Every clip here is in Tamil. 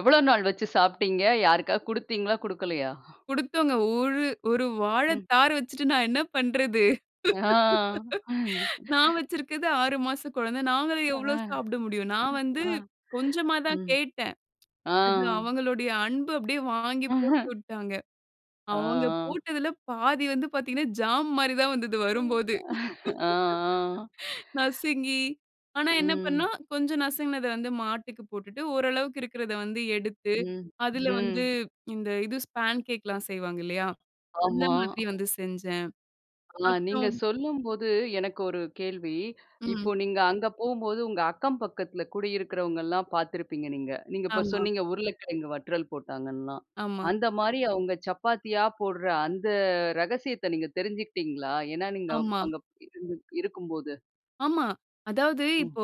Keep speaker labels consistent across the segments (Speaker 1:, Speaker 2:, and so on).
Speaker 1: எவ்ளோ நாள் வச்சு சாப்பிட்டீங்க? யாருக்காவது கொடுத்தீங்களா! கொடுக்கலயா?
Speaker 2: குடுத்தோங்க 1, 1 வாழ
Speaker 1: ம்.
Speaker 2: தார வச்சிட்டு நான் என்ன பண்றது?
Speaker 1: ஆ.
Speaker 2: நான் வச்சிருக்கது 6 மாச குழந்த. நாங்க
Speaker 1: ஆ,
Speaker 2: எவ்வளோ சாப்புட முடியும். நான் வந்து
Speaker 1: அ,
Speaker 2: கொஞ்சமா தான்
Speaker 1: ம்,
Speaker 2: கேட்டேன்.
Speaker 1: ஆ.
Speaker 2: அது அவங்களுடைய அன்பு அப்பிடியே வாங்கி போட்டுவிட்டாங்க.
Speaker 1: ஆ,
Speaker 2: அவங்க
Speaker 1: ஆ.
Speaker 2: போட்டதில பாதி வந்து பார்த்தீங்கன்னா, ஜாம் மாரி தான் வந்தது, வரும்போது.
Speaker 1: ஆ, ஆ.
Speaker 2: நசுங்கி, ஆனா என்ன
Speaker 1: ம்.
Speaker 2: பண்ணோம் கொஞ்சம் நசுங்கினத வந்து மாட்டுக்கு போட்டுட்டு ஓரளவுக்கு இருக்கிறத வந்து எடுத்து,
Speaker 1: ம்,
Speaker 2: அதில வந்து
Speaker 1: ம்.
Speaker 2: இந்த இது ஸ்பான் கேக்லாம் செய்வாங்க இல்லயா! அந்த
Speaker 1: ஆமா.
Speaker 2: மாதிரி வந்து செஞ்சேன்.
Speaker 1: ஆ நீங்க
Speaker 2: அப்புறம்
Speaker 1: சொல்லும்போது எனக்கு ஒரு கேள்வி.
Speaker 2: ம்.
Speaker 1: இப்போ நீங்க அங்க போம்போது உங்க அக்கம் பக்கத்தில குடியிருக்கிறவங்கெல்லாம் பார்த்துருப்பீங்க நீங்க. நீங்க இப்ப
Speaker 2: ஆமா.
Speaker 1: சொன்னீங்க, உருளைக்கிழங்கு வற்றல் போட்டாங்கன்லாம்.
Speaker 2: ஆமா.
Speaker 1: அந்தமாரி அவுங்க சப்பாத்தியா போடுற அந்த ரகசியத்த நீங்க தெரிஞ்சுக்கிட்டீங்களா? ஏன்னா நீங்க
Speaker 2: ஆமா.
Speaker 1: அங்க இருந்து இருக்கும்போது.
Speaker 2: ஆமா. அதாவது
Speaker 1: ம்.
Speaker 2: இப்போ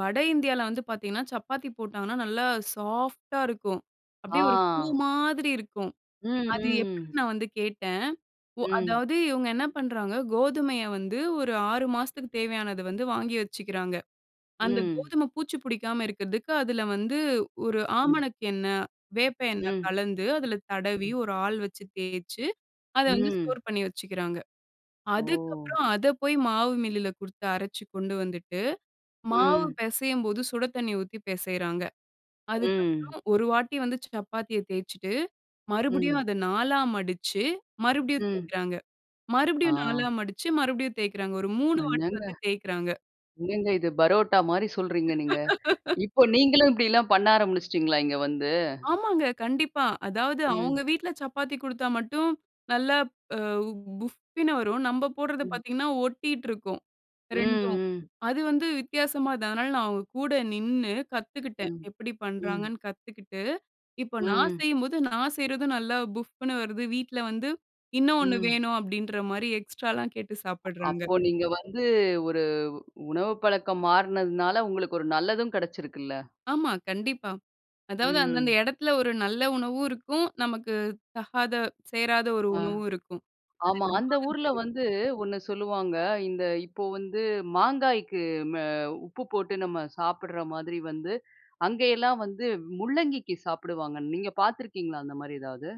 Speaker 2: வட இந்தியால வந்து பார்த்தீங்கன்னா, சப்பாத்தி போட்டாங்கன்னா நல்லா சாஃப்ட்டா இருக்கும். அப்பிடியே ஒரு பூ
Speaker 1: ஆ.
Speaker 2: மாதிரி இருக்கும்.
Speaker 1: ம்,
Speaker 2: அது
Speaker 1: ம்.
Speaker 2: எப்பிடின்னு நான் வந்து கேட்டேன். ஒ
Speaker 1: ம்.
Speaker 2: அதாவது இவுங்க என்ன பண்றாங்க, கோதுமைய வந்து ஒரு 6 மாசத்துக்கு தேவையானத வந்து வாங்கி வச்சுக்கிறாங்க. அந்த
Speaker 1: ம்.
Speaker 2: கோதும பூச்சி பிடிக்காம இருக்கிறதுக்கு அதில வந்து ஒரு
Speaker 1: ம்.
Speaker 2: ஆமணக்கு எண்ணெ, வேப்ப எண்ணெ
Speaker 1: ம்.
Speaker 2: கலந்து, அதில தடவி,
Speaker 1: ம்.
Speaker 2: ஒரு ஆள் வச்சு தேய்ச்சு, அத வந்து
Speaker 1: ம்.
Speaker 2: ஸ்டோர் பண்ணி வச்சுக்கிறாங்க.
Speaker 1: ஓ!
Speaker 2: அதுக்கப்புறம் அதை போய் மாவு மில்லில கொடுத்து அரைச்சு கொண்டு வந்துட்டு, மாவு
Speaker 1: ம்.
Speaker 2: பேசையும் போது சுட தண்ணீ ஊத்தி பேசையிறாங்க.
Speaker 1: ம்.
Speaker 2: அதுக்கப்பறம் ஒரு வாட்டி வந்து சப்பாத்திய தேய்ச்சுட்டு மறுபடியும்
Speaker 1: ம்.
Speaker 2: அத 4ஆ மடிச்சு மறுபடியும்
Speaker 1: ம்.
Speaker 2: தேய்க்கிறாங்க.
Speaker 1: ஆ.
Speaker 2: மறுபடியும் 4ஆ மடிச்சு மறுபடியும் தேய்க்கிறாங்க. ஒரு 3 வாட்டி வந்து
Speaker 1: [unintelligible]
Speaker 2: தேய்க்கிறாங்க.
Speaker 1: என்னங்க இது பரோட்டாமாரி சொல்றீங்க நீங்க. இப்போ நீங்களும் இப்பிடிலாம் பண்ண ஆரம்பிச்சிட்டீங்களா இங்க வந்து?
Speaker 2: ஆமாங்க. கண்டிப்பா. அதாவது அவுங்க
Speaker 1: ம்.
Speaker 2: வீட்ல சப்பாத்தி குடுத்தா மட்டும் நல்லா அ வ் புஃப்னு வரும். நம்ம போடுறது
Speaker 1: ம்.
Speaker 2: பார்த்தீங்கன்னா, ஒட்டிட்டு இருக்கும்
Speaker 1: ம்,
Speaker 2: 2ம்.
Speaker 1: ம்.
Speaker 2: அது வந்து வித்தியாசமா அதனால நான் அவுங்க கூட நின்னு கத்துக்கிட்டேன்.
Speaker 1: ம்,
Speaker 2: எப்பிடி
Speaker 1: ம்.
Speaker 2: பண்ணுறாங்கன்னு கத்துக்கிட்டு, இப்ப நான்
Speaker 1: ம்.
Speaker 2: செய்யும்போது நான் செய்றதும் நல்லா புஃப்னு வருது. வீட்ல வந்து இன்னும் ஒண்ணு
Speaker 1: ம்.
Speaker 2: வேணும் அப்பிடின்றமாரி எக்ஸ்ட்ராலாம் கேட்டு சாப்பிடுறாங்க.
Speaker 1: அப்போ நீங்க வந்து ஒரு உணவு பழக்கம் மாறினதுனால, உங்களுக்கு ஒரு நல்லதும் கிடைச்சிருக்குல்ல.
Speaker 2: ஆமா. கண்டிப்பா. அதாவது அந்த அந்த
Speaker 1: ம்.
Speaker 2: இடத்துல ஒரு நல்ல உணவும் இருக்கும். நமக்கு தகாத சேராத ஒரு
Speaker 1: ஆ.
Speaker 2: உணவும் இருக்கும். அது
Speaker 1: ஆமா. அந்த
Speaker 2: என்னமோ
Speaker 1: ஊர்ல
Speaker 2: வந்து
Speaker 1: வந்து ஒண்ணு சொல்லுவாங்க, இந்த இப்போ வந்து மாங்காய்க்கு ம உப்பு போட்டு நம்ம சாப்பிடுற மாதிரி வந்து, அங்கேயெல்லாம் வந்து முள்ளங்கிக்கு சாப்பிடுவாங்க. நீங்க பார்த்துருக்கீங்களா அந்தமாரி எதாவது?